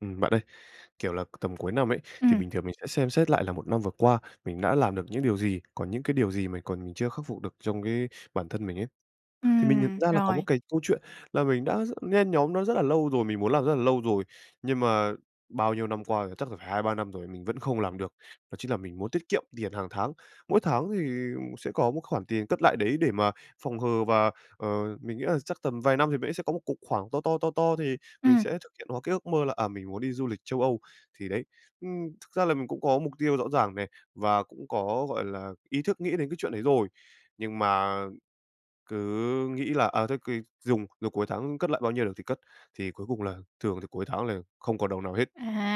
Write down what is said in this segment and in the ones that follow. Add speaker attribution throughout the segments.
Speaker 1: Ừm, bạn ơi, kiểu là, c tầm cuối năm ấy, thì
Speaker 2: Ừm.
Speaker 1: bình thường mình sẽ xem xét lại là một năm vừa qua mình đã làm được những điều gì, còn những cái điều gì mình còn mình chưa khắc phục được trong cái bản thân mình ấy. Thì mình nhận
Speaker 2: Ừm,
Speaker 1: ra là có một
Speaker 2: rồi.
Speaker 1: cái câu chuyện là mình đã rất nhen nhóm nó rất là lâu rồi, mình muốn làm rất là lâu rồi, nhưng mà bao nhiêu năm qua rồi, chắc là phải 2, 3 năm rồi mình vẫn không làm được, đó chính là mình muốn tiết kiệm tiền hàng tháng. Mỗi tháng thì m sẽ có một khoản tiền cất lại đấy để mà phòng hờ và, ờ, mình nghĩ là chắc tầm vài năm thì mình ấy sẽ có một cục khoảng to to, to to thì mình
Speaker 2: Ừm.
Speaker 1: sẽ thực hiện hóa cái ước mơ là, à, mình muốn đi du lịch Châu Âu, thì đấy. Ừm, thực ra là mình cũng có mục tiêu rõ ràng này và cũng có, gọi là, ý thức nghĩ đến cái chuyện đấy rồi, nhưng mà cứ nghĩ là, à, thôi kì dùng rồi cuối tháng cất lại bao nhiêu được thì cất, thì cuối cùng là thường thì cuối tháng là không còn đồng nào hết.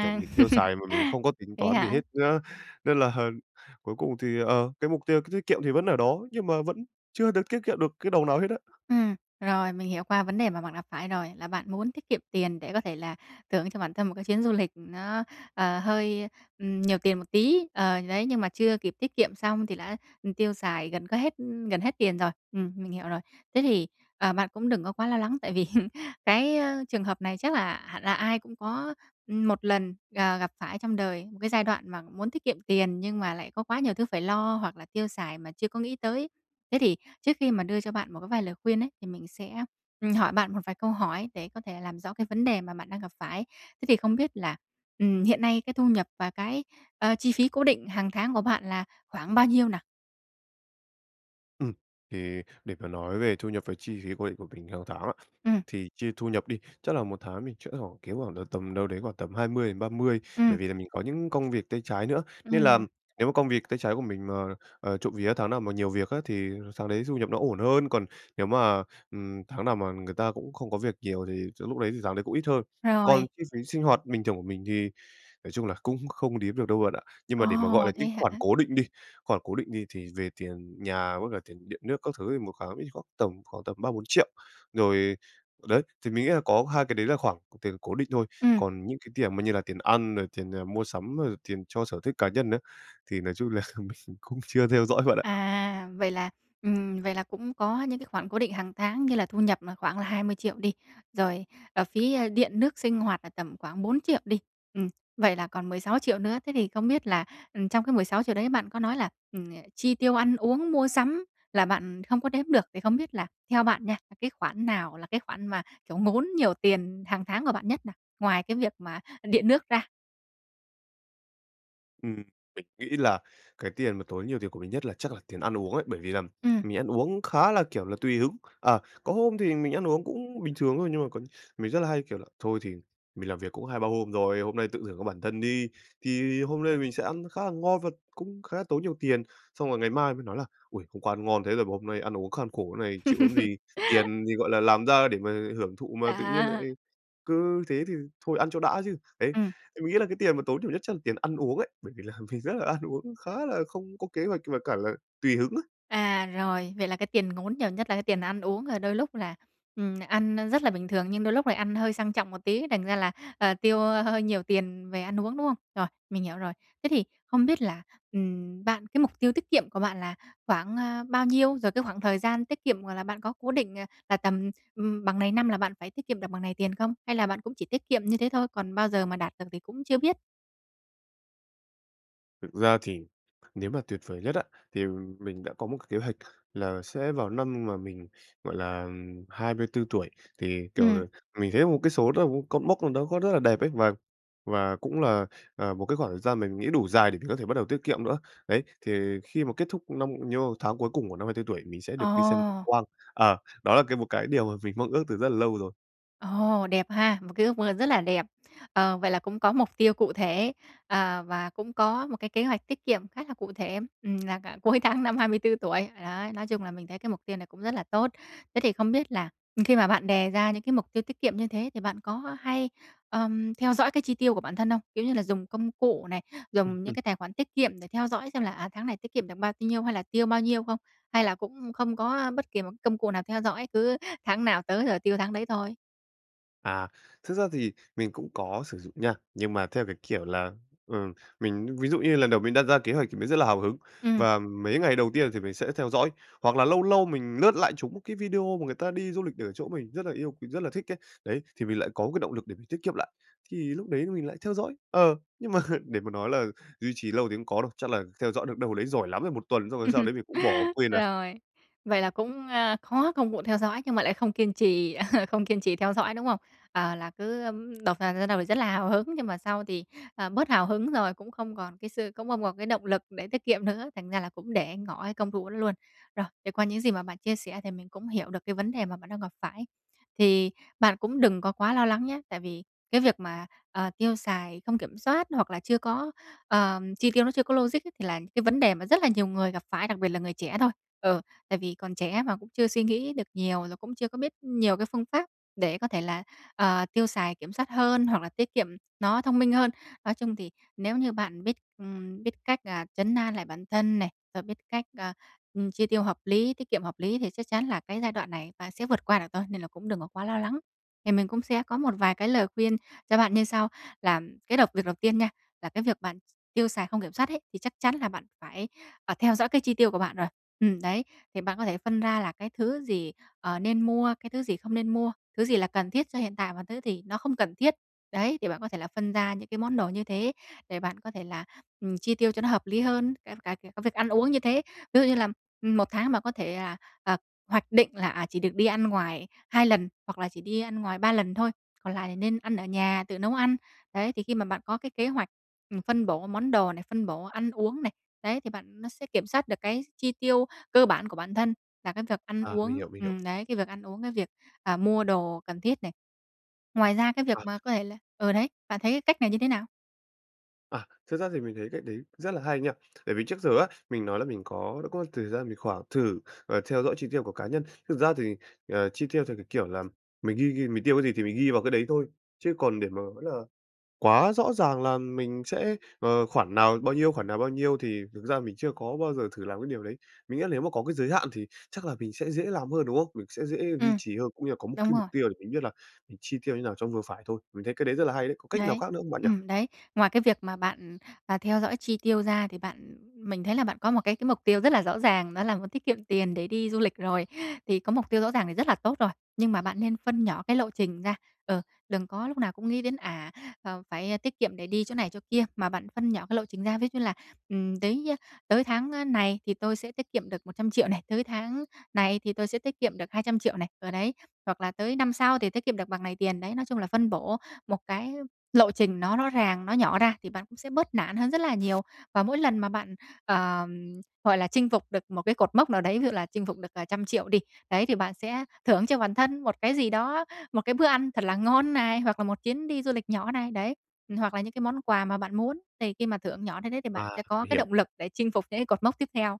Speaker 1: Kiểu, mình tiêu xài mà mình không có tính
Speaker 2: Vậy
Speaker 1: toán gì
Speaker 2: hả?
Speaker 1: hết nhá nên là, ờm, cuối cùng thì, ờ, cái mục tiêu tiết tiết kiệm thì vẫn ở đó, nhưng mà vẫn chưa được tiết kiệm được cái đồng nào hết á.
Speaker 2: Ừm, rồi, mình hiểu qua vấn đề mà bạn gặp phải rồi. Là bạn muốn tiết kiệm tiền để có thể là thưởng cho bản thân một cái chuyến du lịch nó, ờ, hơi, ừm, nhiều tiền một tí, ờ, đấy, nhưng mà chưa kịp tiết kiệm xong thì đã, ừ, tiêu xài gần có hết ư, gần hết tiền rồi. Ừm, mình hiểu rồi. Thế thì, ờ, bạn cũng đừng có quá lo lắng tại vì cái, ờ, trường hợp này chắc là hẳn là ai cũng có, ừm, 1 lần, ờ, gặp phải trong đời, một cái giai đoạn mà muốn tiết kiệm tiền nhưng mà lại có quá nhiều thứ phải lo hoặc là tiêu xài mà chưa có nghĩ tới. Thế thì trước khi mà đưa cho bạn một cái vài lời khuyên ấy, thì mình sẽ ,ừm, hỏi bạn một vài câu hỏi để có thể làm rõ cái vấn đề mà bạn đang gặp phải. Thế thì không biết là, ừm, hiện nay cái thu nhập và cái, ờ, chi phí cố định hàng tháng của bạn là khoảng bao nhiêu nào?
Speaker 1: Ừm. Thì để mà nói về thu nhập và chi phí cố định của mình hàng tháng á,
Speaker 2: Ừm.
Speaker 1: thì chia thu nhập đi, chắc là 1 tháng mình chẽ hoảng kiếm hoảng là tầm đâu đấy khoảng tầm 20 đến 30
Speaker 2: Ừm.
Speaker 1: bởi vì là mình có những công việc tay trái nữa. Nên là
Speaker 2: Ừm.
Speaker 1: nếu mà công việc tay trái của mình mà, ờ, trộm vía tháng nào mà nhiều việc á thì tháng đấy thu nhập nó ổn hơn, còn nếu mà, ừm, tháng nào mà người ta cũng không có việc nhiều thì sẽ lúc đấy thì tháng đấy cũng ít hơn. Còn
Speaker 2: Rồi.
Speaker 1: chi phí sinh hoạt bình thường của mình thì nói chung là cũng không đếm được đâu bạn ạ. Nhưng
Speaker 2: Ồ!
Speaker 1: mà để mà gọi là
Speaker 2: Thế
Speaker 1: những khoản
Speaker 2: hả?
Speaker 1: cố định đi, khoản cố định đi thì về tiền nhà với cả tiền điện nước các thứ thì 1 kháng ví khoảng tầm khoảng tầm 3.000.000-4.000.000. Rồi, đấy, thì mình nghĩ là có hai cái đấy là khoảng c tiền cố định thôi,
Speaker 2: Ừm.
Speaker 1: còn những cái tiền mà như là tiền ăn rồi tiền, à, mua sắm, rồi tiền cho sở thích cá nhân á thì nói chung là mình cũng chưa theo dõi bạn ạ.
Speaker 2: À, vậy là, ừm, vậy là cũng có những cái khoản cố định hàng tháng như là thu nhập mà khoảng là 20.000.000 đi, rồi, ờ, phí điện nước sinh hoạt là tầm khoảng 4.000.000 đi, ừm, vậy là còn 16.000.000 nữa. Thế thì không biết là, ừm, trong cái 16.000.000 đấy bạn có nói là, ừm, chi tiêu ăn uống, mua sắm là bạn không có đếm được, thì không biết là theo bạn nha, là cái khoản nào là cái khoản mà, kiểu, ngốn nhiều tiền hàng tháng của bạn nhất nào, ngoài cái việc mà điện nước ra?
Speaker 1: Ừm, mình nghĩ là cái tiền mà tốn nhiều tiền của mình nhất là chắc là tiền ăn uống ấy, bởi vì là
Speaker 2: Ừm.
Speaker 1: mình ăn uống khá là, kiểu là, tùy hứng. Ờ, có hôm thì mình ăn uống cũng bình thường thôi nhưng mà có mình rất là hay kiểu là: "Thôi thì mình làm việc cũng 2-3 hôm rồi, hôm nay tự thưởng cho bản thân đi." Thì hôm nay mình sẽ ăn khá là ngon và cũng khá là tốn nhiều tiền. Xong rồi ngày mai mình nói là "Ôi! Hôm qua ăn ngon thế rồi mà hôm nay ăn uống kham khổ thế này, chịu làm gì. Tiền thì, gọi là, làm ra để mà hưởng thụ mà, tự nhiên lại
Speaker 2: À.
Speaker 1: cứ thế thì thôi, ăn cho đã chứ." Đấy,
Speaker 2: Ừm.
Speaker 1: thì mình nghĩ là cái tiền mà tốn nhiều nhất chắc là tiền ăn uống ấy, bởi vì là mình rất là ăn uống khá là không có kế hoạch và cả là tùy hứng á.
Speaker 2: À, rồi. Vậy là cái tiền ngốn nhiều nhất là cái tiền ăn uống, rồi đôi lúc là, ừm, ăn rất là bình thường nhưng đôi lúc lại ăn hơi sang trọng một tí, thành ra là, ờ, tiêu hơi nhiều tiền về ăn uống, đúng không? Rồi, mình hiểu rồi. Thế thì không biết là, ừm, bạn cái mục tiêu tiết kiệm của bạn là khoảng, à, bao nhiêu? Rồi cái khoảng thời gian tiết kiệm, gọi là, bạn có cố định, à, là tầm, ừm, bằng này năm là bạn phải tiết kiệm được bằng này tiền không? Hay là bạn cũng chỉ tiết kiệm như thế thôi, còn bao giờ mà đạt được thì cũng chưa biết?
Speaker 1: Thực ra thì nếu mà tuyệt vời nhất á, thì mình đã có một cái kế hoạch là sẽ vào năm mà mình, gọi là, ừm, 24 tuổi, thì,
Speaker 2: Ừm.
Speaker 1: kiểu, mình thấy một cái số đó, cột mốc nào đó có rất là đẹp ấy và và cũng là, à, một cái khoảng thời gian mình nghĩ đủ dài để mình có thể bắt đầu tiết kiệm nữa. Đấy, thì khi mà kết thúc năm nhiêu tháng cuối cùng của năm 24 tuổi mình sẽ được đi xem cực
Speaker 2: Ờ.
Speaker 1: quang. Ờ, đó là cái một cái điều mà mình mong ước từ rất là lâu rồi.
Speaker 2: Ồ, đẹp ha! Một cái ước mơ rất là đẹp. Ờ, vậy là cũng có mục tiêu cụ thể, ờ, và cũng có một cái kế hoạch tiết kiệm khá là cụ thể, ừm, là cả cuối tháng năm 24 tuổi. Đấy, nói chung là mình thấy cái mục tiêu này cũng rất là tốt. Thế thì không biết là, ừm, khi mà bạn đề ra những cái mục tiêu tiết kiệm như thế thì bạn có hay, ờm, theo dõi cái chi tiêu của bản thân không? Kiểu như là dùng công cụ này,
Speaker 1: Ừm,
Speaker 2: dùng những
Speaker 1: ừm.
Speaker 2: cái tài khoản tiết kiệm để theo dõi xem là, à, tháng này tiết kiệm được bao nhiêu hay là tiêu bao nhiêu không? Hay là cũng không có bất kỳ một công cụ nào theo dõi, cứ tháng nào tới rồi tiêu tháng đấy thôi?
Speaker 1: À, thực ra thì mình cũng có sử dụng nha, nhưng mà theo cái kiểu là, ừ, mình ví dụ như lần đầu mình đặt ra kế hoạch thì mình rất là hào hứng,
Speaker 2: Ừm.
Speaker 1: và mấy ngày đầu tiên thì mình sẽ theo dõi. Hoặc là lâu lâu mình lướt lại trúng một cái video mà người ta đi du lịch ở chỗ mình rất là yêu quý, rất là thích ấy, đấy, thì mình lại có một cái động lực để mình tiết kiệm lại, thì lúc đấy mình lại theo dõi, ờ. Nhưng mà để mà nói là duy trì lâu thì không có đâu, chắc là theo dõi được đâu đấy giỏi lắm là 1 tuần xong rồi sau đấy mình cũng bỏ quên à.
Speaker 2: Rồi, vậy là cũng, ờ, có công cụ theo dõi nhưng mà lại không kiên trì không kiên trì theo dõi, đúng không? Ờ, là cứ, ừm, đầu vào ban đầu thì rất là hào hứng, nhưng mà sau thì, ờ, bớt hào hứng rồi, cũng không còn cái sự cũng không còn cái động lực để tiết kiệm nữa, thành ra là cũng để ngỏ cái công thủ đó luôn. Rồi, thì qua những gì mà bạn chia sẻ thì mình cũng hiểu được cái vấn đề mà bạn đang gặp phải. Thì bạn cũng đừng có quá lo lắng nhé, tại vì cái việc mà, ờ, tiêu xài không kiểm soát hoặc là chưa có ờ, chi tiêu nó chưa có logic ấy thì là cái vấn đề mà rất là nhiều người gặp phải, đặc biệt là người trẻ thôi. Ừ, tại vì còn trẻ mà cũng chưa suy nghĩ được nhiều, rồi cũng chưa có biết nhiều cái phương pháp để có thể là, ờ, tiêu xài kiểm soát hơn hoặc là tiết kiệm nó thông minh hơn. Nói chung thì nếu như bạn biết, ừm, biết cách, à, trấn an lại bản thân này, rồi biết cách, à, ừm, chi tiêu hợp lý, tiết kiệm hợp lý thì chắc chắn là cái giai đoạn này bạn sẽ vượt qua được thôi, nên là cũng đừng có quá lo lắng. Thì mình cũng sẽ có một vài cái lời khuyên cho bạn như sau: là cái đầu việc đầu tiên nha, là cái việc bạn tiêu xài không kiểm soát ấy, thì chắc chắn là bạn phải, à, theo dõi cái chi tiêu của bạn rồi. Ừm, đấy, thì bạn có thể phân ra là cái thứ gì, ờ, nên mua, cái thứ gì không nên mua, thứ gì là cần thiết cho hiện tại và thứ gì nó không cần thiết. Đấy, thì bạn có thể là phân ra những cái món đồ như thế, để bạn có thể là, ừm, chi tiêu cho nó hợp lý hơn, đến cả nh cái việc ăn uống như thế. Ví dụ như là, ừm, một tháng bạn có thể là, à, hoạch định là, à, chỉ được đi ăn ngoài 2 lần, hoặc là chỉ đi ăn ngoài 3 lần thôi, còn lại thì nên ăn ở nhà, tự nấu ăn. Đấy, thì khi mà bạn có cái kế hoạch, ừm, phân bổ món đồ này, phân bổ ăn uống này, đấy, thì bạn nó sẽ kiểm soát được cái chi tiêu cơ bản của bản thân là cái việc ăn
Speaker 1: À, mình
Speaker 2: uống
Speaker 1: hiểu, mình hiểu.
Speaker 2: ừm, đấy, cái việc ăn uống, cái việc, à, mua đồ cần thiết này. Ngoài ra, cái việc
Speaker 1: À.
Speaker 2: mà có thể là ừ, đấy, bạn thấy cái cách này như thế nào?
Speaker 1: À, thực ra thì mình thấy cách đấy rất là hay nha. Tại vì trước giờ á, mình nói là mình có đã có thời gian mình khoảng thử, ờ, theo dõi chi tiêu của cá nhân. Thực ra thì, ờ, chi tiêu theo cái kiểu là mình ghi ghi mình tiêu cái gì thì mình ghi vào cái đấy thôi, chứ còn để mà nói là quá rõ ràng là mình sẽ, ờ, khoản nào bao nhiêu, khoản nào bao nhiêu, thì thực ra mình chưa có bao giờ thử làm cái điều đấy. Mình nghĩ là nếu mà có cái giới hạn thì chắc là mình sẽ dễ làm hơn, đúng không? Mình sẽ dễ duy
Speaker 2: Ừm,
Speaker 1: trì hơn, cũng như là có một
Speaker 2: đúng
Speaker 1: cái mục
Speaker 2: rồi.
Speaker 1: tiêu để mình biết là mình chi tiêu như nào cho vừa phải thôi. Mình thấy cách đấy rất là hay đấy, có cách nào
Speaker 2: Đấy,
Speaker 1: khác nữa không bạn nhỉ?
Speaker 2: ừm, đấy, ngoài cái việc mà bạn, à, theo dõi chi tiêu ra, thì bạn, ừ mình thấy là bạn có một cái cái mục tiêu rất là rõ ràng, đó là muốn tiết kiệm tiền để đi du lịch rồi. Thì có mục tiêu rõ ràng thì rất là tốt rồi, nhưng mà bạn nên phân nhỏ cái lộ trình ra, ừ, đừng có lúc nào cũng nghĩ đến à, à, phải tiết kiệm để đi chỗ này chỗ kia, mà bạn phân nhỏ cái lộ trình ra, ví d như là, ừm, đấy, a, tới tháng, a, này thì tôi sẽ tiết kiệm được 100.000.000 này, tới tháng này thì tôi sẽ tiết kiệm được 200.000.000 này, ờ đấy, hoặc là tới năm sau thì tiết kiệm được bằng này tiền, đấy. Nói chung là phân bổ một cái lộ trình nó rõ ràng, nó nhỏ ra thì bạn cũng sẽ bớt nản hơn rất là nhiều. Và mỗi lần mà bạn, ờm, gọi là, chinh phục được một cái cột mốc nào đấy, ví dụ là chinh phục được, à, trăm triệu đi, đấy, thì bạn sẽ thưởng cho bản thân một cái gì đó, một cái bữa ăn thật là ngon này, hoặc là một chuyến đi du lịch nhỏ này, đấy, ừm, hoặc là những cái món quà mà bạn muốn. Thì khi mà thưởng nhỏ thấy thế thì bạn
Speaker 1: À,
Speaker 2: sẽ có
Speaker 1: mình
Speaker 2: cái
Speaker 1: hiểu.
Speaker 2: động lực để chinh phục những cái cột mốc tiếp theo.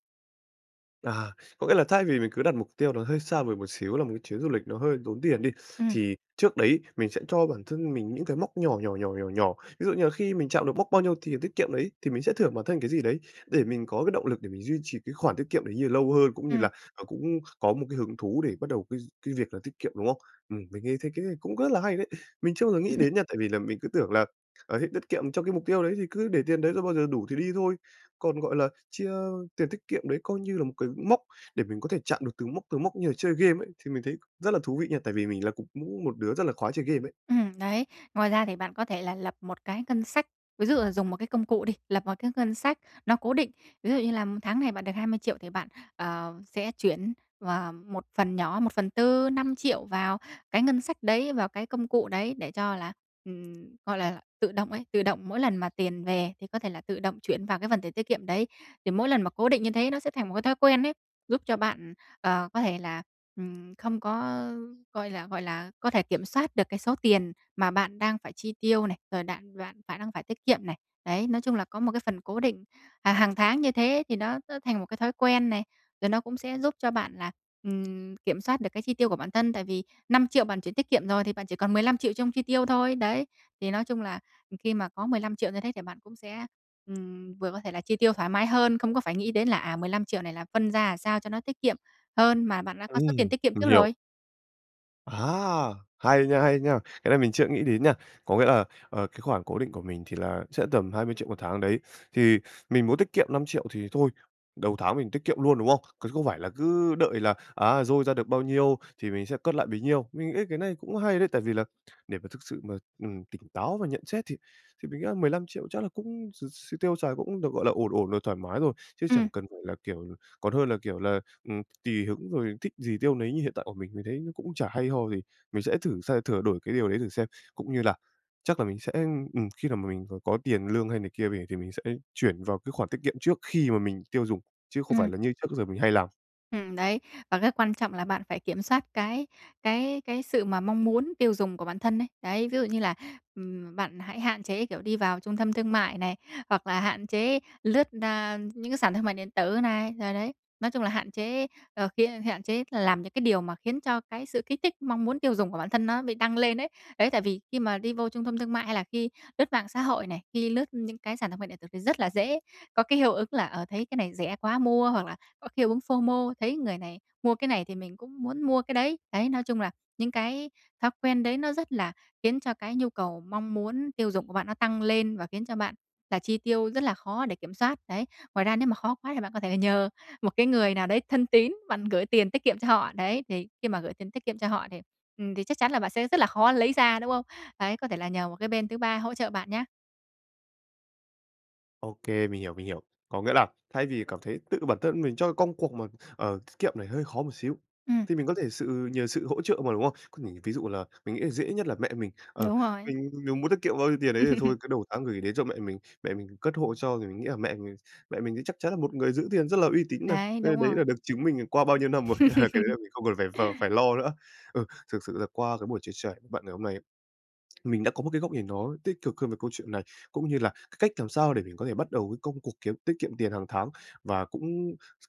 Speaker 1: À, có nghĩa là thay vì mình cứ đặt mục tiêu nó hơi xa vời một xíu là một cái chuyến du lịch nó hơi tốn tiền đi,
Speaker 2: Ừm.
Speaker 1: thì trước đấy mình sẽ cho bản thân mình những cái mốc nhỏ, nhỏ, nhỏ, nhỏ, nhỏ. Ví dụ như là khi mình chạm được mốc bao nhiêu thì tiết kiệm đấy, thì mình sẽ thưởng bản thân cái gì đấy để mình có cái động lực để mình duy trì cái khoản tiết kiệm đấy như là lâu hơn, cũng như
Speaker 2: Ừm.
Speaker 1: là, ờ, cũng có một cái hứng thú để bắt đầu cái cái việc là tiết kiệm, đúng không? Ừm, mình nghe thấy cái này cũng rất là hay đấy. Mình chưa bao giờ nghĩ đến nha, tại vì là mình cứ tưởng là, ờ, hết tiết kiệm trong cái mục tiêu đấy thì cứ để tiền đấy rồi bao giờ đủ thì đi thôi, còn, gọi là, chia tiền tiết kiệm đấy coi như là một cái mốc để mình có thể chạm được từng mốc, từng mốc như là chơi game ấy, thì mình thấy rất là thú vị nha, tại vì mình là cũng cũng một đứa rất là khoái chơi game ấy.
Speaker 2: Ừm, đấy. Ngoài ra thì bạn có thể là lập một cái ngân sách, ví dụ là dùng một cái công cụ đi, lập một cái ngân sách nó cố định. Ví dụ như là tháng này bạn được 20.000.000 thì bạn, ờ, sẽ chuyển và một phần nhỏ, 1/4, 5.000.000 vào cái ngân sách đấy, vào cái công cụ đấy, để cho là, ừm, gọi là, tự động ấy, tự động mỗi lần mà tiền về thì có thể là tự động chuyển vào cái phần tiền tiết kiệm đấy. Thì mỗi lần mà cố định như thế nó sẽ thành một cái thói quen ấy, giúp cho bạn, ờ, có thể là, ừm, không có, gọi là, gọi là, có thể kiểm soát được cái số tiền mà bạn đang phải chi tiêu này, rồi đạn bạn phải đang phải tiết kiệm này. Đấy, nói chung là có một cái phần cố định, à, hàng tháng như thế thì nó nó thành một cái thói quen này, rồi nó cũng sẽ giúp cho bạn là, ừm, kiểm soát được cái chi tiêu của bản thân tại vì 5.000.000 bạn chuyển tiết kiệm rồi thì bạn chỉ còn 15.000.000 trong chi tiêu thôi, đấy. Thì nói chung là, ừm, khi mà có 15.000.000 như thế thì bạn cũng sẽ, ừm, vừa có thể là chi tiêu thoải mái hơn, không có phải nghĩ đến là, à, 15.000.000 này là phân ra, à, sao cho nó tiết kiệm hơn mà bạn đã có số tiền
Speaker 1: Ừm!
Speaker 2: tiết kiệm
Speaker 1: Mình
Speaker 2: trước
Speaker 1: hiểu.
Speaker 2: rồi.
Speaker 1: À! Hay nha, hay nha! Cái này mình chưa nghĩ đến nha. Có nghĩa là, ờ, cái khoản cố định của mình thì là sẽ tầm 20.000.000 một tháng đấy, thì mình muốn tiết kiệm 5.000.000 thì thôi, đầu tháng mình tiết kiệm luôn, đúng không? Còn không phải là cứ đợi là, à, dôi ra được bao nhiêu thì mình sẽ cất lại bấy nhiêu. Mình nghĩ cái này cũng hay đấy, tại vì là để mà thực sự mà, ừm, tỉnh táo và nhận xét thì thì mình nghĩ là 15.000.000 chắc là cũng x x tiêu xài cũng được, gọi là, ổn ổn rồi, thoải mái rồi, chứ
Speaker 2: Ừm.
Speaker 1: chẳng cần phải là, kiểu còn hơn là, kiểu là, ừm, tuỳ hứng rồi thích gì tiêu nấy như hiện tại của mình, mình thấy nó cũng chả hay ho gì. Mình sẽ thử xe thửa đổi cái điều đấy thử xem, cũng như là chắc là mình sẽ, ừm, khi nào mà mình c có tiền lương hay này kia về thì mình sẽ chuyển vào cái khoản tiết kiệm trước khi mà mình tiêu dùng, chứ không phải
Speaker 2: Ừm.
Speaker 1: là như trước giờ mình hay làm.
Speaker 2: Ừm, đấy. Và cái quan trọng là bạn phải kiểm soát cái cái cái sự mà mong muốn tiêu dùng của bản thân ấy. Đấy, ví dụ như là, ừm, bạn hãy hạn chế, kiểu, đi vào trung tâm thương mại này, hoặc là hạn chế lướt, a, những cái sàn thương mại điện tử này. Rồi đấy, nói chung là hạn chế, ờ, khiến hạn chế làm những cái điều mà khiến cho cái sự kích thích, mong muốn tiêu dùng của bản thân nó bị tăng lên ấy. Đấy, tại vì khi mà đi vô trung thâm thương mại hay là khi lướt mạng xã hội này, khi lướt những cái sàn thương mại điện tử thì rất là dễ có cái hiệu ứng là, ờ, thấy cái này rẻ quá, mua, hoặc là có hiệu ứng FOMO, thấy người này mua cái này thì mình cũng muốn mua cái đấy. Đấy, nói chung là những cái thói quen đấy nó rất là khiến cho cái nhu cầu, mong muốn tiêu dùng của bạn nó tăng lên và khiến cho bạn là chi tiêu rất là khó để kiểm soát, đấy. Ngoài ra nếu mà khó quá thì bạn có thể nhờ một cái người nào đấy thân tín, bạn gửi tiền tiết kiệm cho họ, đấy, thì khi mà gửi tiền tiết kiệm cho họ thì, ừm, thì chắc chắn là bạn sẽ rất là khó lấy ra, đúng không? Đấy, có thể là nhờ một cái bên thứ ba hỗ trợ bạn nhá.
Speaker 1: Ô kê, mình hiểu, mình hiểu. Có nghĩa là thay vì cảm thấy tự bản thân mình cho cái công cuộc mà, ờ, tiết kiệm này hơi khó một xíu,
Speaker 2: Ừm.
Speaker 1: thì mình có thể sự nhờ sự hỗ trợ mà, đúng không? Có nghĩa ví dụ là mình nghĩ là dễ nhất là mẹ mình, ờ,
Speaker 2: Đúng rồi.
Speaker 1: mình m muốn tiết kiệm bao nhiêu tiền ấy thì thôi cứ đầu tháng gửi đến cho mẹ mình, mẹ mình cất hộ cho. Thì mình nghĩ là mẹ mình mẹ mình thì chắc chắn là một người giữ tiền rất là uy tín này,
Speaker 2: Đấy,
Speaker 1: đây, ơ,
Speaker 2: đúng
Speaker 1: đấy
Speaker 2: rồi.
Speaker 1: là được chứng minh, ừm, qua bao nhiêu năm rồi, cái đấy là mình không cần phải v phải lo nữa. Ừ, thực sự là qua cái buổi chia sẻ v bạn ngày hôm nay ấy, mình đã có một cái góc nhìn nó tích cực hơn về câu chuyện này, cũng như là cái cách làm sao để mình có thể bắt đầu cái công cuộc kiếm tiết kiệm tiền hàng tháng và cũng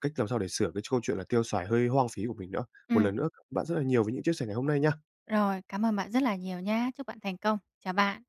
Speaker 1: cách làm sao để sửa cái châu chuyện là tiêu xài hơi hoang phí của mình nữa. Một
Speaker 2: Ừm.
Speaker 1: lần nữa, [unintelligible] bạn rất là nhiều vì những chia sẻ ngày hôm nay nha!
Speaker 2: Rồi, cảm ơn bạn rất là nhiều nhá. Chúc bạn thành công! Chào bạn!